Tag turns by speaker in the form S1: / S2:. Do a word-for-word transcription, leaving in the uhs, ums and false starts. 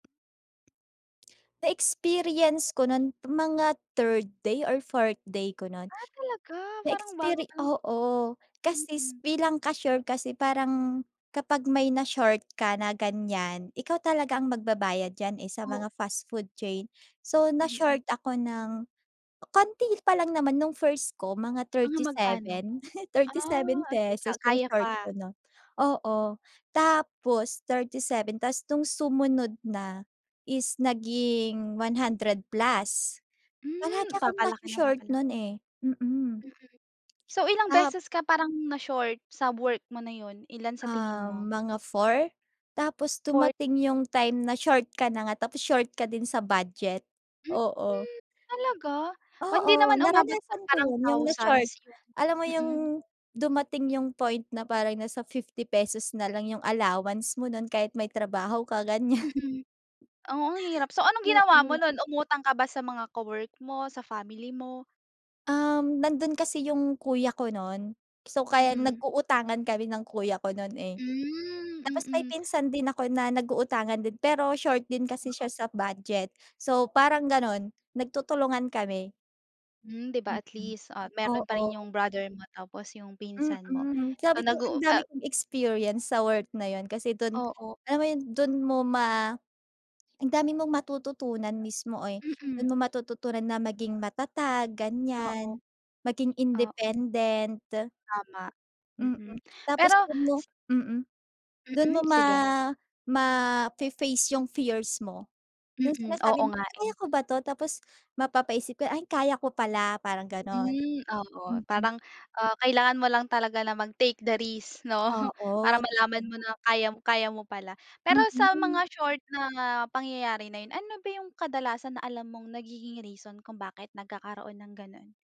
S1: Na-experience ko nun mga third day or fourth day ko nun.
S2: Ah, talaga? Parang bago
S1: Na-experi
S2: pa lang.
S1: oo, kasi s
S2: Mm.
S1: bilang cashier kasi parang kapag may na-short ka na ganyan, ikaw talaga ang magbabayad diyan eh, sa
S2: O
S1: mga fast food chain. So,
S2: Mm.
S1: na-short ako ng konti pa lang naman nung first ko mga
S2: Mga magkano?
S1: thirty-seven.
S2: Ah,
S1: thirty-seven
S2: okey, ka
S1: pesos yung
S2: kaya
S1: short
S2: pa.
S1: ko, 'no. Oo. Tapos thirty-seven, ta's nung sumunod na is naging one hundred plus. Palagi
S2: Hmm,
S1: akong
S2: papalaki ng
S1: naso-short
S2: papalaki.
S1: nun eh. Mm.
S2: Mm. So, ilang
S1: Tap
S2: beses ka parang na-short sa work mo na yun? Ilan sa tingin
S1: Ah,
S2: mo?
S1: mga four? Tapos
S2: fourth.
S1: dumating yung time na-short ka na nga, tapos short ka din sa budget, oo.
S2: Mhm, talaga? Oh hindi
S1: Oo,
S2: naman umabot sa
S1: naranasan ko
S2: parang
S1: yun, yung
S2: thousands
S1: na-short.
S2: yung
S1: Alam mo
S2: mm.
S1: yung dumating yung point na parang nasa fifty pesos nalang yung allowance mo nun kahit may trabaho ka, ganyan.
S2: Mm. Oo ang hirap. So anong ginawa mo
S1: Oo.
S2: nun? Umutang ka ba sa mga ka-work mo, sa family mo?
S1: Um, nandun kasi yung kuya ko nun. So, kaya
S2: Mm.
S1: nag-uutangan kami ng kuya ko nun eh.
S2: Hmm.
S1: Tapos, may
S2: Mm.
S1: pinsan din ako na nag-uutangan din. Pero short din kasi
S2: Oo.
S1: siya sa budget. So, parang ganun, nagtutulungan kami.
S2: Hmm, 'di ba at
S1: Mm.
S2: least, ah, meron pa rin
S1: Oo.
S2: yung brother mo tapos yung pinsan mo.
S1: Mm. Sabi
S2: So
S1: ko
S2: nag-uu
S1: ang
S2: a
S1: dami kong experience sa work na yun. Kasi dun,
S2: Oo.
S1: alam mo yun, dun mo ma ang dami mong matututunan mismo eh.
S2: Mm.
S1: Dun mo matututunan na maging matatag,
S2: Oo.
S1: ganyan. Maging
S2: Oo.
S1: independent.
S2: Tama.
S1: Mm.
S2: Mm,
S1: Tapos
S2: pero
S1: dun mo
S2: si
S1: mm, dun
S2: Mm,
S1: mo ma
S2: sige.
S1: mafe-face yung fears mo. Yung
S2: Mm. Oo
S1: sinasabi mo,
S2: nga eh.
S1: "Kaya ko ba 'to?" Tapos mapapaisip 'ko, "Ay, kaya ko pala" parang gano'n.
S2: Hmm, oo.
S1: Mm.
S2: Parang, ah, kailangan mo lang talaga na mag-take the risk, 'no? Para
S1: Oo. Tama.
S2: malaman mo na kaya kaya mo pala. Pero sa
S1: Mhm.
S2: mga short na pangyayari na yun, ano ba yung kadalasan na alam mong nagiging reason kung bakit nagkakaroon ng gano'n?